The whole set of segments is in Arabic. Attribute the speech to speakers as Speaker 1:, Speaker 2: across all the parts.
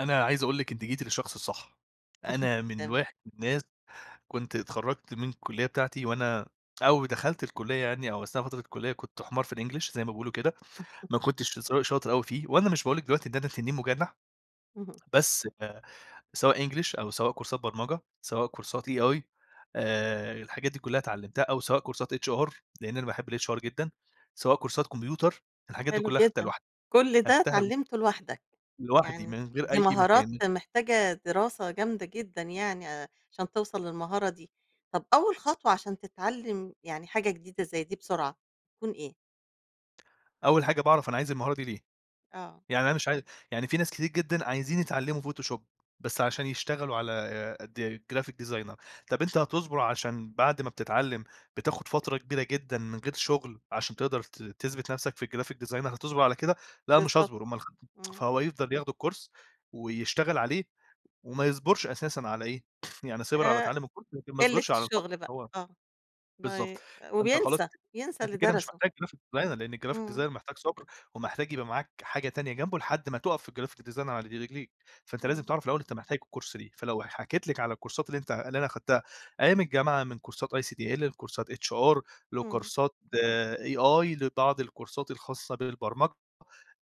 Speaker 1: أنا عايز أقول لِك أنتِ جيتِ للشخص الصح أنا من
Speaker 2: تما
Speaker 1: الواح من ناس كُنت اتخرّجت من الكلّية بتاعتي وأنا أو دخلت الكلّية يعني أو أثناء فترة الكلّية كُنت حمار في الEnglish زي ما بيقولوا كده ما كُنتش س شاطر أوي فيه وأنا مش باقول لِك دلوقتي إن أنا تنين مُجنح
Speaker 2: اهم.
Speaker 1: بس آآ سواء English، أو سواء كورسات برمجة سواء كورسات AI آآ الحاجات دي كلّها اتعلِمتّها أو سواء كورسات HR لأن أنا باحب الHR جدًا سواء كورسات كمبيوتر الحاجات دي
Speaker 2: حلو
Speaker 1: كلّها خدّتها
Speaker 2: جدًا.
Speaker 1: لوحدّي،
Speaker 2: كل ده
Speaker 1: خدّتها
Speaker 2: اتعلِمته لوحدّك،
Speaker 1: لوحدّي
Speaker 2: يعني
Speaker 1: من غير
Speaker 2: دي
Speaker 1: أي
Speaker 2: مهارات
Speaker 1: مكان.
Speaker 2: محتاجة دراسة جامدة جدًا يعني آآ عشان توصَلّ للمهارة دي، طَب أول خطوة عشان تتعلم، يعني حاجة جديدة زي دي بسرعة تكون إيه؟
Speaker 1: أول حاجة باعرف أنا عايز المهارة دي ليه؟
Speaker 2: آه.
Speaker 1: يعني أنا مش عاي يعني في ناس كتير جدًا عايزين يتعلّموا فوتوشوب بس عشان يشتغلوا على د graphic designer طب أنت هتصبر. عشان بعد ما بتتعلّم بتاخد فترة كبيرة جدًا من غير شُغل عشان تقدر ت تثبت نفسك في الgraphic designer هتصبرعلى كده؟ لأ، مش
Speaker 2: بالضبط،
Speaker 1: هاصبر أُمَّال [unintelligible]
Speaker 2: امم.
Speaker 1: فهو يفضل ياخد الكورس ويشتغل عليه، وما يصبُرش أساسًا على إيه؟ يعني صِبر على
Speaker 2: آآ
Speaker 1: تعلّم الكورس لكن ما
Speaker 2: قِلة
Speaker 1: صبِِرش على الفترة
Speaker 2: الشُغل
Speaker 1: اللي
Speaker 2: بقى.
Speaker 1: هو
Speaker 2: آه بي
Speaker 1: بالضبط. فأنت خلاص
Speaker 2: وبينسى،
Speaker 1: ك
Speaker 2: بينسى
Speaker 1: أنت
Speaker 2: اللي
Speaker 1: كده مش
Speaker 2: درسُه.
Speaker 1: محتاج graphic designer لأن الgraphic designer
Speaker 2: امم.
Speaker 1: محتاج صبر. ومحتاج يبقى معاك حاجة تانية جنبُه لحدّ ما تقف في graphic design على ر رجليك فأنت لازم
Speaker 2: امم.
Speaker 1: تعرف الأول أنت محتاج الكورس ليه؟ فلو ح حكيِت لِك على الكورسات اللي أنت اللي أنا خدّتها أيام الجامعة من كورسات ICDL لكورسات HR
Speaker 2: امم.
Speaker 1: لكورسات AI لبعض الكورسات الخاصة بالبرمج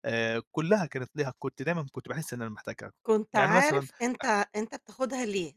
Speaker 1: آآ كلّها كانت ليها كُنت دايمًا كُنت باحسّ إن أنا محتاجها
Speaker 2: كُنت
Speaker 1: يعني مثلًا،
Speaker 2: عارف أنت
Speaker 1: اخ
Speaker 2: أنت بتاخدها ليه.